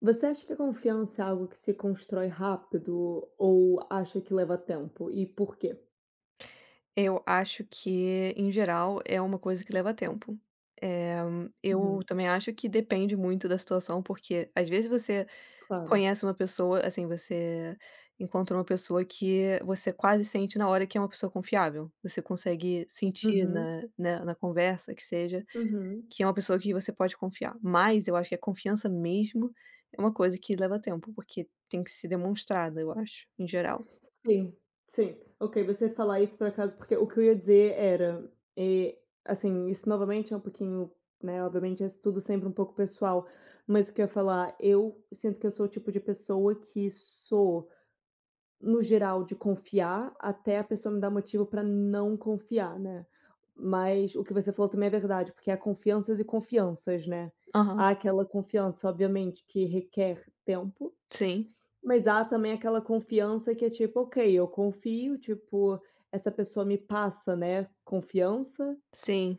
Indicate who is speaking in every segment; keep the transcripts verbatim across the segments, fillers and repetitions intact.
Speaker 1: Você acha que a confiança é algo que se constrói rápido o ou acha que leva tempo e por quê?
Speaker 2: Eu acho que, em geral, é uma coisa que leva tempo, eh. Eu
Speaker 1: Uhum.
Speaker 2: também acho que depende muito da situação, porque, às vezes, você
Speaker 1: Claro.
Speaker 2: conhece uma pessoa, assim, você encontra uma pessoa que você quase sente na hora que é uma pessoa confiável. Você consegue sentir
Speaker 1: Uhum.
Speaker 2: na na na conversa que seja
Speaker 1: Uhum.
Speaker 2: que é uma pessoa que você pode confiar, mas eu acho que a confiança mesmo é uma coisa que leva tempo, porque tem que ser demonstrada, eu acho, em geral.
Speaker 1: Sim, sim, ok. Você falar isso por acaso, porque o que eu ia dizer era, eh, assim, isso novamente é um pouquinho, né, obviamente, isso tudo é sempre um pouco pessoal, mas o que eu ia falar: eu sinto que eu sou o tipo de pessoa que sou, no geral, de confiar até a pessoa me dar motivo para não confiar, né. Mas o que você falou também é verdade, porque há confianças e confianças, né.
Speaker 2: Aham.
Speaker 1: Há aquela confiança, obviamente, que requer tempo,
Speaker 2: Sim.
Speaker 1: mas há também aquela confiança que é tipo: "Ok, eu confio, tipo, essa pessoa me passa, né, confiança".
Speaker 2: Sim.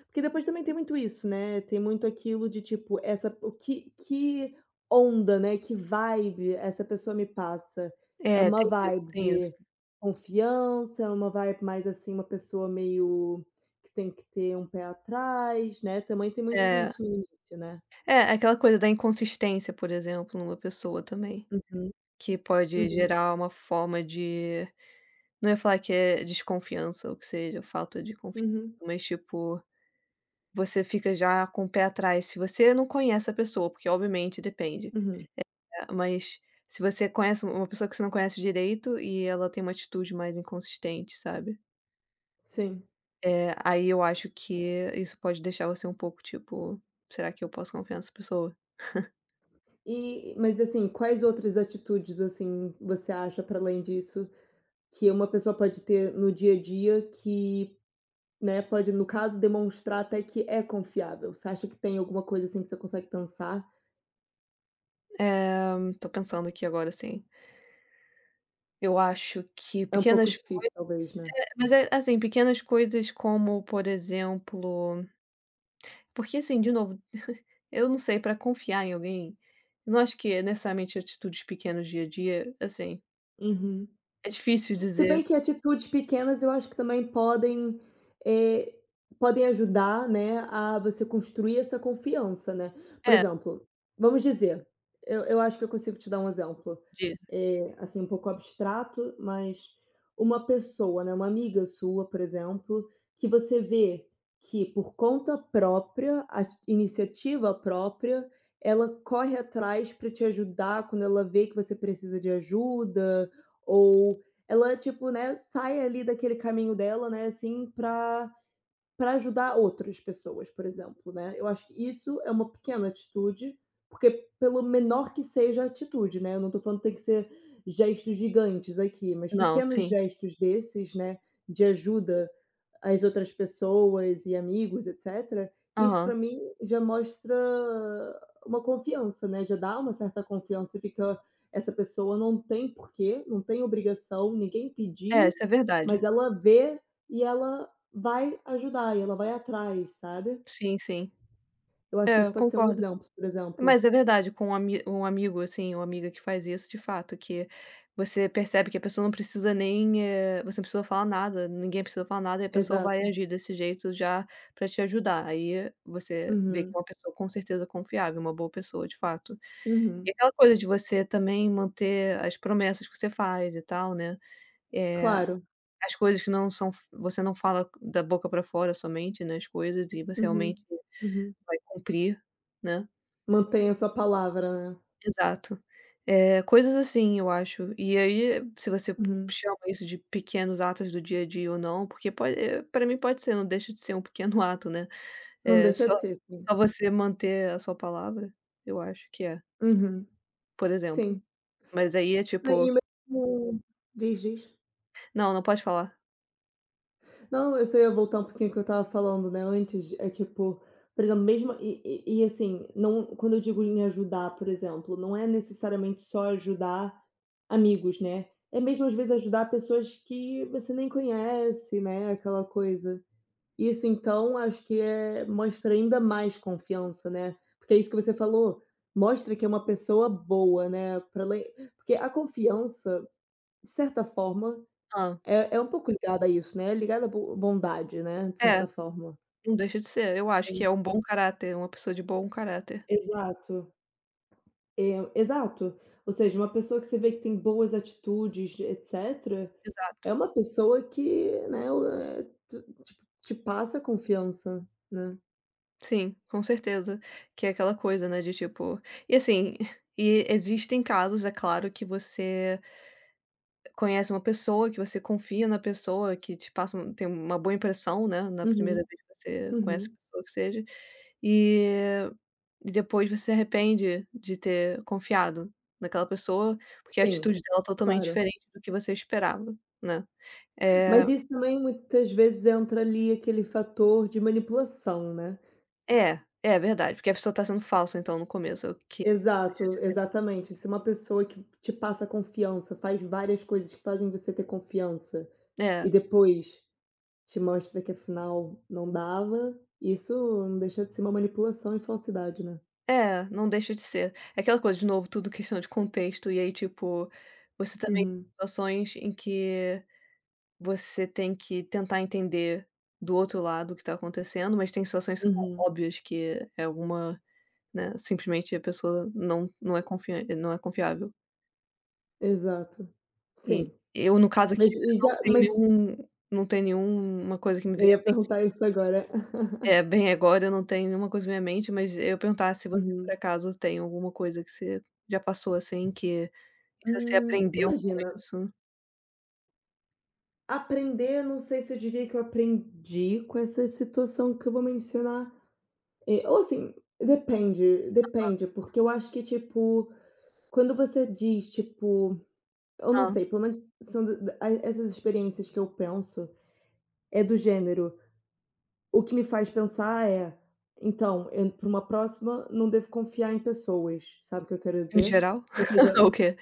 Speaker 1: E porque depois também tem muito isso, né. Tem muito aquilo de, tipo, essa o que que onda, né, que vibe essa pessoa me passa. É
Speaker 2: É,
Speaker 1: uma
Speaker 2: tem isso,
Speaker 1: vibe
Speaker 2: tem isso.
Speaker 1: de confiança, é uma vibe mais, assim, uma pessoa meio que tem que ter um pé atrás, né, também tem muito
Speaker 2: É.
Speaker 1: isso no início, né.
Speaker 2: É, aquela coisa da inconsistência, por exemplo, numa pessoa também,
Speaker 1: Uhum,
Speaker 2: que pode
Speaker 1: uhum.
Speaker 2: gerar uma forma de, não é falar que é desconfiança ou que seja, falta de confiança,
Speaker 1: Uhum.
Speaker 2: mas, tipo, você fica já com o pé atrás se você não conhece a pessoa, porque, obviamente, depende,
Speaker 1: Uhum.
Speaker 2: eh. Mas, se você conhece u uma pessoa que você não conhece direito e ela tem uma atitude mais inconsistente, sabe.
Speaker 1: Sim.
Speaker 2: É, aí eu acho que isso pode deixar você um pouco, tipo: "Será que eu posso confiar nessa pessoa?"
Speaker 1: E mas, assim, quais outras atitudes, assim, você acha, para além disso, que uma pessoa pode ter no dia a dia que, né, pode no caso, demonstrar até que é confiável. Você acha que tem alguma coisa assim que você consegue pensar?
Speaker 2: Eh, tô pensando aqui agora sim. Eu acho que
Speaker 1: É um pouco
Speaker 2: pequenas coisas
Speaker 1: difícil talvez, né?
Speaker 2: É, mas é, assim, pequenas coisas como por exemplo porque assim, de novo, eu não sei, para confiar em alguém, eu não acho que é necessariamente atitudes pequenas do dia a dia, assim
Speaker 1: Uhum.
Speaker 2: é difícil
Speaker 1: Se bem
Speaker 2: dizer.
Speaker 1: que atitudes pequenas, eu acho que também podem, eh, podem ajudar, né, a você construir essa confiança, né. Por
Speaker 2: É.
Speaker 1: exemplo, vamos dizer: eu eu acho que eu consigo te dar um exemplo,
Speaker 2: Diga.
Speaker 1: eh, assim um pouco abstrato, mas uma pessoa, né, uma amiga sua, por exemplo, que você vê que, por conta própria, as iniciativa própria, ela corre atrás pra te ajudar quando ela vê que você precisa de ajuda, ou ela, tipo, né, sai ali daquele caminho dela, né, assim, pra pra ajudar outras pessoas, por exemplo, né. Eu acho que isso é uma pequena atitude, porque, pelo menor que seja a atitude, né, eu não tô falando que tem que ser gestos gigantes aqui, mas
Speaker 2: Não,
Speaker 1: pequenos
Speaker 2: sim.
Speaker 1: gestos desses, né, de ajuda às outras pessoas e amigos etcétera, isso, pra
Speaker 2: Aham.
Speaker 1: mim, já mostra uma confiança, né, já dá uma certa confiança e fica: “Essa pessoa não tem por que, não tem obrigação, ninguém
Speaker 2: É,
Speaker 1: pediu,
Speaker 2: isso é
Speaker 1: mas
Speaker 2: verdade.
Speaker 1: ela vê e ela vai ajudar, e ela vai atrás”, sabe.
Speaker 2: Sim, sim.
Speaker 1: Eu acho que
Speaker 2: É,
Speaker 1: isso
Speaker 2: eu
Speaker 1: pode ser um
Speaker 2: concordo.
Speaker 1: exemplo, por exemplo.
Speaker 2: Mas é verdade, com um um amigo assim ou amiga que faz isso, de fato, que você percebe que a pessoa não precisa nem, eh você não precisou falar nada, ninguém precisou falar nada e a pessoa vai
Speaker 1: Exato.
Speaker 2: agir desse jeito já para te ajudar, aí você vê que é
Speaker 1: Uhum.
Speaker 2: uma pessoa com certeza confiável, uma boa pessoa de fato. E
Speaker 1: Uhum.
Speaker 2: aquela coisa de você também manter as promessas que você faz e tal, né, eh,
Speaker 1: Claro.
Speaker 2: as coisas que não são você não fala c da boca para fora somente, né, as coisas e você
Speaker 1: Uhum,
Speaker 2: realmente
Speaker 1: uhum.
Speaker 2: vai cumprir, né.
Speaker 1: Mantém a sua palavra, né.
Speaker 2: Exato. Eh, coisas assim eu acho. E aí se você p
Speaker 1: Uhum.
Speaker 2: chama isso de pequenos atos do dia a dia ou não, porque po eh, para mim pode ser, não deixa de ser um pequeno ato, né,
Speaker 1: Não
Speaker 2: eh,
Speaker 1: deixa
Speaker 2: só
Speaker 1: de ser, sim.
Speaker 2: só você manter a sua palavra, eu acho que é.
Speaker 1: Uhum.
Speaker 2: Por exemplo,
Speaker 1: Sim.
Speaker 2: mas aí é
Speaker 1: Né, e
Speaker 2: tipo
Speaker 1: mesmo diz, diz.
Speaker 2: Não, não pode falar.
Speaker 1: Não, eu só ia voltar um pouquinho o que eu tava falando, né, antes é tipo, por exemplo mesmo e e e assim, não quando eu digo em ajudar por exemplo, não é necessariamente só ajudar amigos, né. É mesmo as vezes ajudar pessoas que você nem conhece, né, aquela coisa. Isso então acho que é mostra ainda mais confiança, né. Porque é isso que você falou, mostra que é uma pessoa boa, né, pra ela ir porque a confiança de certa forma
Speaker 2: Hã?
Speaker 1: é é um pouco ligada a isso, né, é ligada a bo bondade, né, de
Speaker 2: É,
Speaker 1: certa forma.
Speaker 2: não deixa de ser, eu acho
Speaker 1: Sim.
Speaker 2: que é um bom caráter, uma pessoa de bom caráter.
Speaker 1: Exato. É, exato. Ou seja uma pessoa que você vê que tem boas atitudes e etcétera,
Speaker 2: Exato.
Speaker 1: é uma pessoa que, né ué, te te te passa confiança, né.
Speaker 2: Sim com certeza, que é aquela coisa, né, de tipo e assim, e existem casos é claro, que você conhece uma pessoa, que você confia na pessoa, que te passa um tem uma boa impressão, né, na primeira
Speaker 1: Uhum,
Speaker 2: vez que você conhece
Speaker 1: uhum.
Speaker 2: a pessoa que seja, e e depois você arrepende de ter confiado naquela pessoa, porque a
Speaker 1: Sim,
Speaker 2: atitude dela totalmente
Speaker 1: claro.
Speaker 2: diferente do que você esperava, né. É
Speaker 1: Mas isso não é em muitas vezes entra ali aquele fator de manipulação, né.
Speaker 2: É, é verdade, porque a pessoa tá sendo falsa então no começo eu que
Speaker 1: Exato,
Speaker 2: [unintelligible]
Speaker 1: exatamente. Se uma pessoa que te passa confiança, faz várias coisas que fazem você ter confiança,
Speaker 2: É.
Speaker 1: e depois te mostra que afinal não dava, isso não deixa de ser uma manipulação e falsidade, né.
Speaker 2: É, não deixa de ser. É aquela coisa de novo tudo questão de contexto e aí tipo, você também
Speaker 1: Uhum.
Speaker 2: situações em que você tem que tentar entender do outro lado o que tá acontecendo, mas tem situações são tão
Speaker 1: Uhum.
Speaker 2: óbvias que é alguma, né, simplesmente a pessoa não não é confian não é confiável.
Speaker 1: Exato,
Speaker 2: E
Speaker 1: sim.
Speaker 2: eu, no caso, aqui
Speaker 1: Mas e e
Speaker 2: não
Speaker 1: já
Speaker 2: tem
Speaker 1: mas
Speaker 2: nenhum eu não tem nenhuma coisa que me
Speaker 1: Eu
Speaker 2: venha a
Speaker 1: ia perguntar
Speaker 2: mente
Speaker 1: isso agora.
Speaker 2: eh, bem agora, eu não tenho nenhuma coisa na minha mente, mas eu ia perguntar se se você,
Speaker 1: Uhum.
Speaker 2: por acaso, tem alguma coisa que você já passou, assim, que você
Speaker 1: Hum.
Speaker 2: aprendeu com
Speaker 1: Imagina.
Speaker 2: isso?
Speaker 1: Aprender, eu não sei se eu diria que eu aprendi com essa situação que eu vou mencionar. Eh, assim, depende
Speaker 2: Aham.
Speaker 1: depende, porque eu acho que, tipo, quando você diz, tipo, eu não
Speaker 2: Hã.
Speaker 1: sei, pelo menos são essas experiências que eu penso, eh, do gênero, o que me faz pensar, eh, então eu entro para uma próxima, não devo confiar em pessoas. Sabe o que eu quero
Speaker 2: No
Speaker 1: dizer?
Speaker 2: geral.
Speaker 1: Ou
Speaker 2: Ou
Speaker 1: seja,
Speaker 2: o que?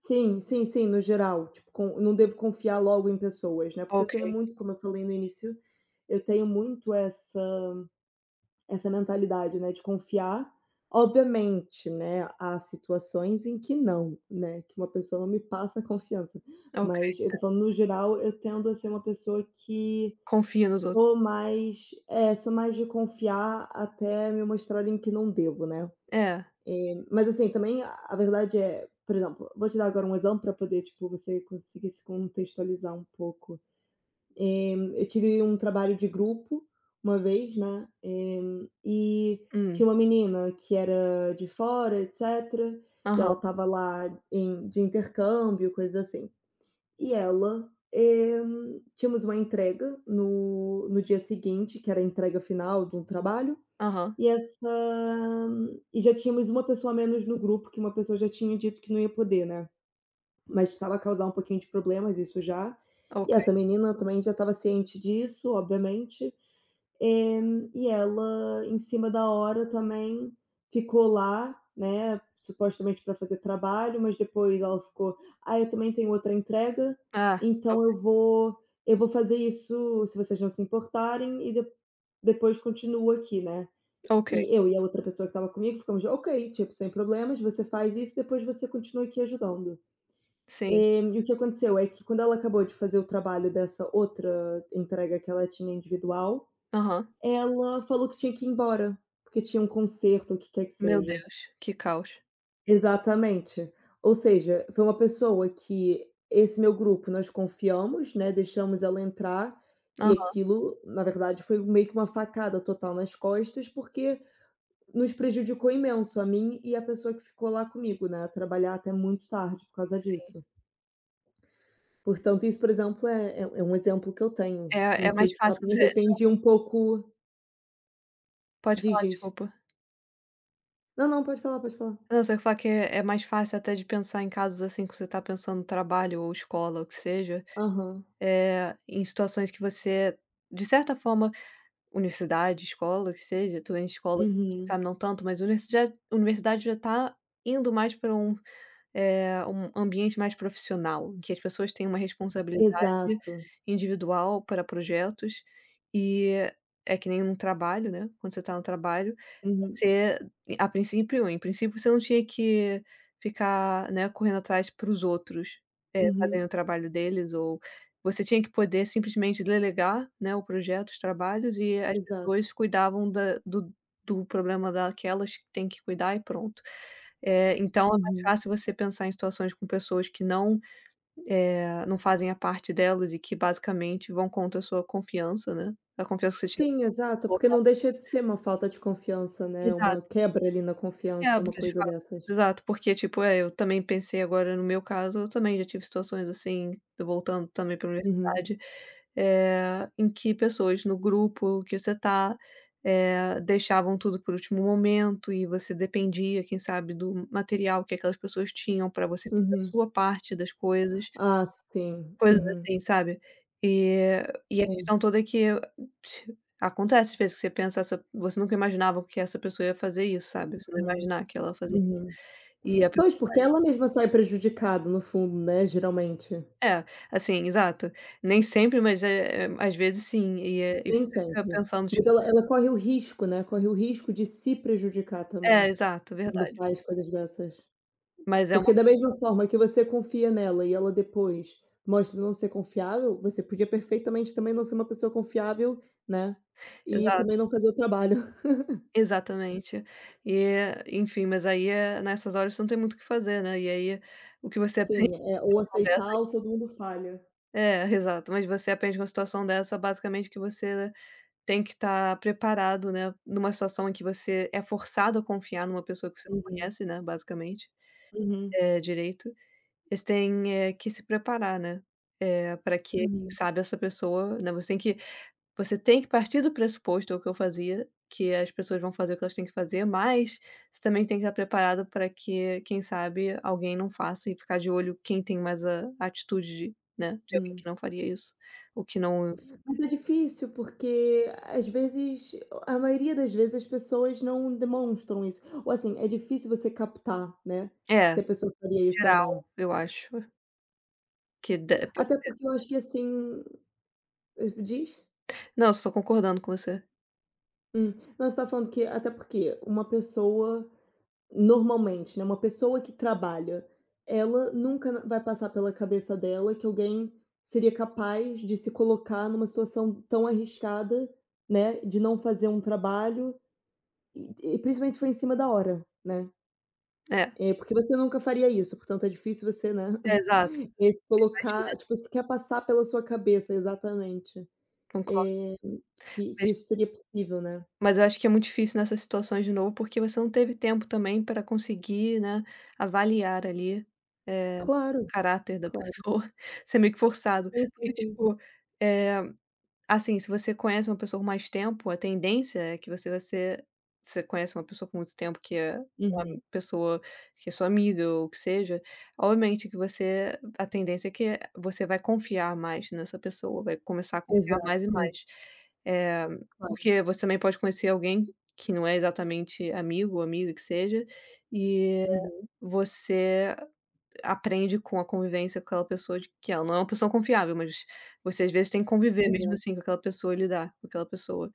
Speaker 1: sim, sim, sim, no geral, tipo, com não devo confiar logo em pessoas, né, porque eu
Speaker 2: Ok.
Speaker 1: tenho muito como eu falei no início, eu tenho muito essa essa mentalidade, né, de confiar, obviamente, né, há situações em que não, né, que uma pessoa não me passa confiança.
Speaker 2: Ok.
Speaker 1: Mas eu estou
Speaker 2: É.
Speaker 1: falando, no geral, eu tendo a ser uma pessoa que
Speaker 2: Confia nos outros.
Speaker 1: sou mais, eh, sou mais de confiar, até me mostrarem que não devo, né.
Speaker 2: É.
Speaker 1: Eh, mas, assim, também, a verdade é, por exemplo, vou te dar agora um exemplo para poder, tipo, você conseguir se contextualizar um pouco. Eh, eu tive um trabalho de grupo uma vez, né, eh,
Speaker 2: Hum.
Speaker 1: tinha uma menina que era de fora etc., e
Speaker 2: Aham.
Speaker 1: ela estava lá em de intercâmbio, coisa assim, e ela, eh, tínhamos uma entrega no no dia seguinte, que era a entrega final do trabalho,
Speaker 2: Aham.
Speaker 1: e essa e já tínhamos uma pessoa a menos no grupo, que uma pessoa já tinha dito que não ia poder, né. Mas estava a causar um pouquinho de problemas, isso já, e
Speaker 2: Ok.
Speaker 1: essa menina também já estava ciente disso, obviamente, eh, e ela em cima da hora, também, ficou lá, né, supostamente para fazer trabalho, mas depois ela ficou: "Ai, eu também tenho outra entrega,
Speaker 2: Ah,
Speaker 1: então
Speaker 2: ok.
Speaker 1: eu vou eu vou fazer isso, se vocês não se importarem, e de depois continuo aqui." Né.
Speaker 2: Ok.
Speaker 1: E eu e a outra pessoa que estava comigo ficamos: "Ok, tipo, sem problemas. Você faz isso, depois você continua aqui ajudando."
Speaker 2: Sim.
Speaker 1: E o que aconteceu é que quando ela acabou de fazer o trabalho dessa outra entrega que ela tinha individual,
Speaker 2: Aham.
Speaker 1: ela falou que tinha que ir embora, porque tinha um concerto o que quer que
Speaker 2: Meu
Speaker 1: seja.
Speaker 2: Deus, que caos.
Speaker 1: Exatamente, ou seja, foi uma pessoa que esse meu grupo nós confiamos, né, deixamos ela entrar, e
Speaker 2: Aham.
Speaker 1: aquilo, na verdade, foi meio que uma facada total nas costas porque nos prejudicou imenso a mim e a pessoa que ficou lá comigo, né, a trabalhar até muito tarde por causa
Speaker 2: Sim.
Speaker 1: disso. Portanto isso, por exemplo, é é um exemplo que eu tenho,
Speaker 2: É
Speaker 1: em
Speaker 2: é
Speaker 1: que eu
Speaker 2: mais
Speaker 1: de,
Speaker 2: fácil
Speaker 1: fato, me
Speaker 2: você Não
Speaker 1: arrependi um pouco.
Speaker 2: Pode
Speaker 1: Diz,
Speaker 2: falar,
Speaker 1: diz.
Speaker 2: desculpa.
Speaker 1: Não, não, pode falar, pode falar.
Speaker 2: Eu só ia falar que é mais fácil, até de pensar em casos, assim, que você está pensando trabalho ou escola, o que seja,
Speaker 1: Aham.
Speaker 2: eh, em situações que você de certa forma, universidade, escola, que seja, também, em escola, quem
Speaker 1: Uhum.
Speaker 2: sabe, não tanto, mas universi universidade, já está indo mais para um, eh, um ambiente mais profissional, em que as pessoas têm uma responsabilidade
Speaker 1: Exato.
Speaker 2: individual para projetos e é que nem um trabalho, né, quando você está no trabalho,
Speaker 1: Uhum.
Speaker 2: você a princípio em princípio, você não tinha que ficar, né, correndo atrás para os outros, eh, fazendo o
Speaker 1: Uhum.
Speaker 2: trabalho deles ou você tinha que poder, simplesmente, delegar, né, o projeto, os trabalhos e as
Speaker 1: Exato.
Speaker 2: pessoas cuidavam da do do problema daquelas que tem que cuidar e pronto. É, então é mais
Speaker 1: Uhum.
Speaker 2: fácil você pensar em situações com pessoas que, não, eh, não fazem a parte delas e que, basicamente, vão contra a sua confiança, né, a confiança que você tinha
Speaker 1: Sim, exato, porque
Speaker 2: colocado
Speaker 1: não deixa de
Speaker 2: nelas.
Speaker 1: ser uma falta de confiança, né, uma
Speaker 2: Exato.
Speaker 1: quebra, ali, na
Speaker 2: é
Speaker 1: confiança, uma
Speaker 2: porque a gente
Speaker 1: coisa
Speaker 2: fala
Speaker 1: dessas.
Speaker 2: exato, porque, tipo, eh, eu também pensei, agora, no meu caso, eu também já tive situações assim, voltando, também, para
Speaker 1: Uhum.
Speaker 2: universidade, eh, em que pessoas no grupo que você está, eh, deixavam tudo por último momento e você dependia, quem sabe, do material que aquelas pessoas tinham, para você fazer a
Speaker 1: Uhum.
Speaker 2: sua parte das coisas,
Speaker 1: Ah, sim,
Speaker 2: coisas
Speaker 1: uhum.
Speaker 2: assim, sabe, e e a
Speaker 1: Sim.
Speaker 2: questão toda é que acontece, às vezes, que você pensa essa você nunca imaginava o que essa pessoa ia fazer isso, sabe, você não ia
Speaker 1: Uhum,
Speaker 2: imaginar que ela ia fazer isso.
Speaker 1: uhum.
Speaker 2: E a proba
Speaker 1: Pois, porque ela mesma sai prejudicada no fundo, né, geralmente.
Speaker 2: É, assim, exato. Nem sempre, mas, eh, às vezes, sim, e eh, e
Speaker 1: Nem
Speaker 2: você fica
Speaker 1: sempre.
Speaker 2: pensando tipo
Speaker 1: Porque ela ela corre o risco, né, corre o risco de se prejudicar
Speaker 2: É
Speaker 1: também,
Speaker 2: exato,
Speaker 1: quando
Speaker 2: verdade.
Speaker 1: faz coisas dessas,
Speaker 2: Mas é
Speaker 1: porque
Speaker 2: uma
Speaker 1: da
Speaker 2: coi
Speaker 1: mesma forma que você confia nela e ela depois mostra não ser confiável, você podia, perfeitamente, também, não ser uma pessoa confiável, né, e
Speaker 2: Exato.
Speaker 1: também não fazer o trabalho.
Speaker 2: Exatamente. E, enfim, mas, aí, é nessas horas você não tem muito o que fazer, né, e, aí, o que você aprende
Speaker 1: Sim, é,
Speaker 2: numa
Speaker 1: ou
Speaker 2: situação dessa
Speaker 1: aceitar
Speaker 2: é
Speaker 1: ou
Speaker 2: que
Speaker 1: todo mundo falha.
Speaker 2: É, exato, mas você aprende uma situação dessa, basicamente, que você tem que estar preparado, né, em uma situação em que você é forçado a confiar em uma pessoa que você não
Speaker 1: Uhum.
Speaker 2: conhece, né, basicamente,
Speaker 1: Uhum.
Speaker 2: eh, direito, eles têm, eh, que se preparar, né, eh, para que, quem
Speaker 1: Uhum.
Speaker 2: sabe, essa pessoa, né, você tem que você tem que partir do pressuposto, é o que eu fazia, que as pessoas vão fazer o que elas têm que fazer, mas você também tem que estar preparado para que, quem sabe, alguém não faça e ficar de olho quem tem mais a atitude, né, de alguém que
Speaker 1: Hum.
Speaker 2: não faria isso ou que não
Speaker 1: Mas é difícil, porque, às vezes, a maioria das vezes, as pessoas não demonstram isso ou, assim, é difícil você captar, né,
Speaker 2: É,
Speaker 1: se a pessoa
Speaker 2: em
Speaker 1: faria isso ou não.
Speaker 2: geral, eu acho Que de pode
Speaker 1: Até
Speaker 2: ser.
Speaker 1: porque eu acho que assim mas me diz
Speaker 2: Não, só tô concordando com você.
Speaker 1: Hum. Não você tá falando que até porque um pessoa, normalmente, né, uma pessoa que trabalha, ela nunca n vai passar pela cabeça dela que alguém seria capaz de se colocar numa situação tão arriscada, né, de não fazer um trabalho, e e principalmente se for em cima da hora, né.
Speaker 2: É.
Speaker 1: É, porque você nunca faria isso, portanto é difícil você, né,
Speaker 2: É, exato.
Speaker 1: e se
Speaker 2: Imagina.
Speaker 1: colocar, tipo assim, quer passar pela sua cabeça exatamente,
Speaker 2: Concordo.
Speaker 1: eh, que que
Speaker 2: Mas
Speaker 1: isso seria possível, né.
Speaker 2: Mas eu acho que é muito difícil nessas situações de novo, porque você não teve tempo também pra conseguir, né, avaliar ali, eh,
Speaker 1: Claro,
Speaker 2: caráter da
Speaker 1: claro.
Speaker 2: pessoa, isso é meio que forçado,
Speaker 1: Sim, sim,
Speaker 2: porque
Speaker 1: sim.
Speaker 2: tipo, eh, assim, se você conhece uma pessoa por mais tempo a tendência é que você vai ser você conhece uma pessoa com muito tempo, que é uma
Speaker 1: Uhum.
Speaker 2: pessoa que é sua amiga ou o que seja, obviamente que você a tendência é que você vai confiar mais nessa pessoa, vai começar a confiar
Speaker 1: Exato.
Speaker 2: mais e
Speaker 1: Sim.
Speaker 2: mais. Eh,
Speaker 1: Claro.
Speaker 2: porque você também pode conhecer alguém que não é exatamente amigo ou amiga que seja, e
Speaker 1: Uhum.
Speaker 2: você aprende com a convivência com aquela pessoa de que ela não é uma pessoa confiável, mas você, às vezes, tem conviver mesmo
Speaker 1: Exato.
Speaker 2: assim com aquela pessoa, lidar com aquela pessoa.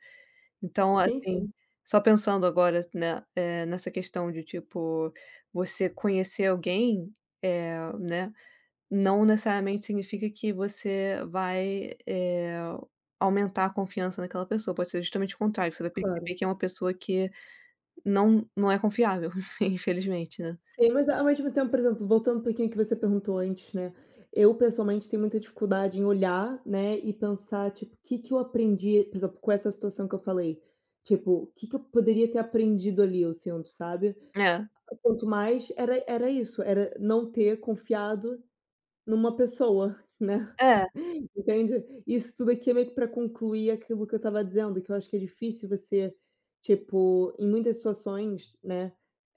Speaker 2: Então,
Speaker 1: Sim,
Speaker 2: assim,
Speaker 1: sim.
Speaker 2: só pensando agora, s né, eh, nessa questão de tipo, você conhecer alguém, eh, né, não necessariamente significa que você vai, eh, aumentar a confiança naquela pessoa, pode ser justamente o contrário, você vai
Speaker 1: Claro.
Speaker 2: perceber que é uma pessoa que não não é confiável infelizmente, né.
Speaker 1: Sim, mas ao ao mesmo tempo, por exemplo, voltando um pouquinho o que você perguntou antes, né, eu pessoalmente tenho muita dificuldade em olhar, né, e pensar tipo: "Que que eu aprendi por exemplo, com essa situação que eu falei?". Tipo, o que que eu poderia ter aprendido ali assim, sabe.
Speaker 2: É.
Speaker 1: Quanto mais era era isso, era não ter confiado numa pessoa, né,
Speaker 2: É.
Speaker 1: entende. Isso tudo aqui é meio que pra concluir aquilo que eu estava dizendo, que eu acho que é difícil você, tipo, em muitas situações, né,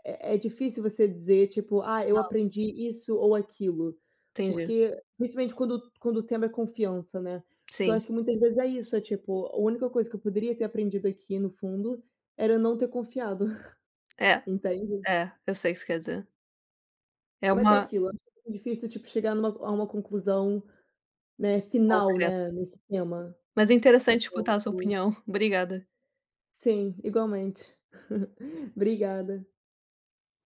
Speaker 1: é é difícil você dizer tipo: "Ah, eu
Speaker 2: Não.
Speaker 1: aprendi isso ou aquilo".
Speaker 2: Entendi.
Speaker 1: Porque, principalmente, quando quando o tema é confiança, né, porque eu
Speaker 2: Sim.
Speaker 1: acho que muitas vezes é isso, é tipo, a única coisa que eu poderia ter aprendido aqui no fundo era eu não ter confiado,
Speaker 2: É,
Speaker 1: entende?
Speaker 2: é, eu sei o que você quer dizer. É
Speaker 1: Mas é
Speaker 2: uma
Speaker 1: aquilo, acho muito difícil, tipo, chegar numa a uma conclusão, né, final,
Speaker 2: Concreta.
Speaker 1: né, nesse tema.
Speaker 2: Mas é interessante escutar a sua
Speaker 1: Portanto
Speaker 2: opinião. Obrigada.
Speaker 1: Sim, igualmente. Obrigada.